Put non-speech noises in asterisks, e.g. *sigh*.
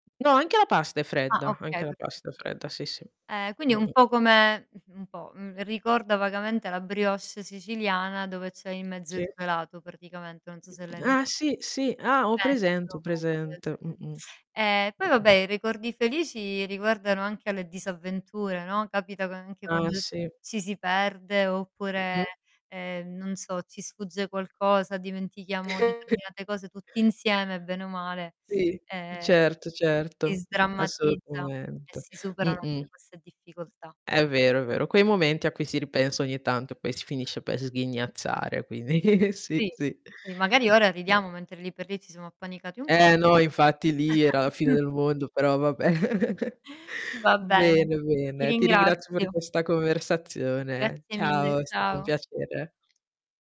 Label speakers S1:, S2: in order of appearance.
S1: No, anche la pasta è
S2: Ah,
S1: fredda, anche
S2: okay
S1: la
S2: perfetto,
S1: pasta è fredda, sì, sì.
S2: okay. Eh, quindi un
S1: Mh-mh.
S2: po' come, mhmm, un po' ricorda vagamente la brioche siciliana dove c'è in mezzo il
S1: Sì.
S2: gelato praticamente, non so se l'hai mai
S1: Eh, sì, sì, ah, ho presente, ho
S2: penso una cosa del
S1: presente.
S2: genere.
S1: Mh-mh.
S2: *sucks teeth* E poi
S1: Mh-mh.
S2: vabbè, i ricordi felici riguardano anche le disavventure, no, capitano anche
S1: Ah,
S2: quando
S1: sì.
S2: ci si perde, oppure,
S1: Mh-mh.
S2: ehm, non so ci sfugge qualcosa, dimentichiamo
S1: *chuckles*
S2: determinate cose tutti insieme bene o male,
S1: Sì,
S2: ehm,
S1: certo,
S2: si
S1: certo,
S2: sdrammatizza e
S1: assolutamente.
S2: si superano
S1: Mh-mh.
S2: anche queste difficoltà.
S1: È vero, è vero, quei momenti a cui si ripensa ogni tanto, poi si finisce per sghignazzare, quindi *chuckles* sì,
S2: Sì.
S1: sì.
S2: Si magari ora ridiamo mentre lì per lì ci siamo appanicati un po'.
S1: Eh no, infatti lì era la fine
S2: *chuckles*
S1: del mondo, però va beh. *chuckles*
S2: Va bene,
S1: Bene,
S2: ti
S1: bene. Ti ringrazio per
S2: ringrazio.
S1: questa conversazione.
S2: Grazie mille,
S1: Ciao, è stato un
S2: ciao.
S1: piacere.